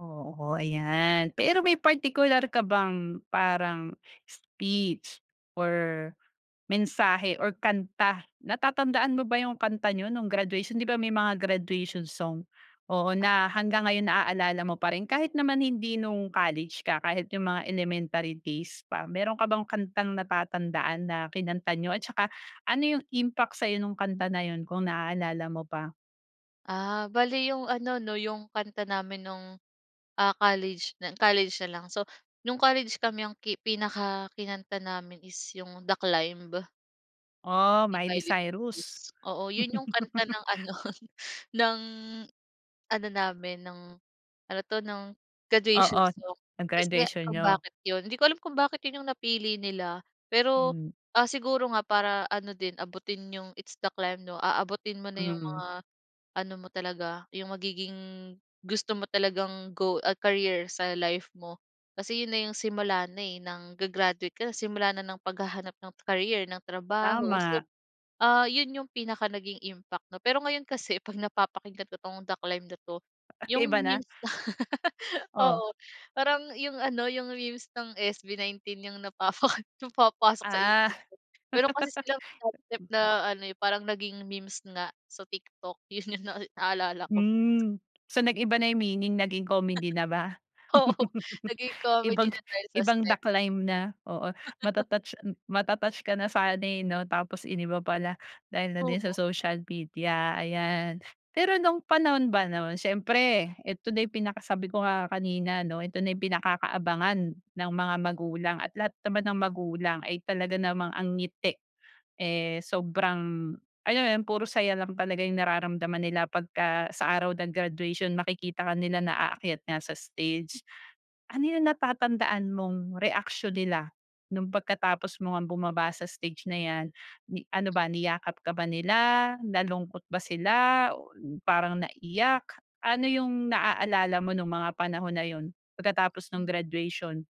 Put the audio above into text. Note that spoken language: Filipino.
Oo, ayan. Pero may partikular ka bang parang speech or mensahe or kanta. Natatandaan mo ba yung kanta niyo no'ng graduation, 'di ba, may mga graduation song, oo, Ah, na oo. hanggang ngayon naalala mo pa rin kahit naman hindi no'ng college ka, kahit yung mga elementary days pa. Meron ka bang kantang natatandaan na kinanta niyo at tsaka ano yung impact sa'yo nong kanta na 'yon kung naaalala mo pa. Ah, bale yung ano 'no, yung kanta namin no'ng, ah, college nal college na lang. So, no'ng college kami ang ki pinakakanta namin is yung "The Climb." Oh, Yung Miley Violet Blues. Cyrus? Oo, 'yon yung kanta ng ano, ng ano namin, ng ano 'to, ng graduation Oo, song. no'ng Kasi nga graduation kung niyo. bakit 'yon. Hindi ko alam kung bakit 'yon yung napili nila. Pero, Mm. ah, siguro nga para ano din, abutin yung It's The Climb, 'no. Aabutin mo na yung Mm. mga ano mo talaga, yung magiging gusto mo talagang go a career sa life mo. Kasi 'yon na yung simula na, eh, ng ga-graduate ka na simula na ng paghahanap ng career, ng trabaho. So, Tama. ah, 'yon yung pinaka naging impact 'no. Pero ngayon kasi 'pag napapakinggan ko tong The Climb na 'to, Ay, yung iba na? memes. Oh. Oo, parang yung ano, yung memes ng SB19 yung napapa napapasok sa isip Ah. ko. Meron kasi silang laugh trip na ano, eh, parang naging memes nga sa TikTok. 'Yon yung nai naalala ko. Mm. So, nag-iba na yung meaning naging comedy na ba? Oo, naging comedy Ibang na dahil sa ibang step. The Climb na, oo. Mata-touch mata-touch ka na sana, eh, 'no, tapos iniba pala dahil na din Oo. sa social media, ayan. Pero no'ng panahon ba no'n, siyempre 'eto na yung pinaka sabi ko nga kanina 'no, ito na ang pinakakaabangan ng mga magulang at lahat naman ng magulang ay talaga namang ang ngiti, eh, sobrang alam mo 'yon, puro saya lang talaga yung nararamdaman nila pagka sa araw ng graduation, makikita ka nila na aakyat nga sa stage. Ano yung natatandaan mong reaksiyon nila no'ng pagkatapos mo ngang bumaba sa stage na 'yan, yi ano ba niyakap ka ba nila? Nalungkot ba sila o parang naiyak? Ano yung naaalala mo no'ng mga panahon na 'yon pagkatapos no'ng Mm. graduation?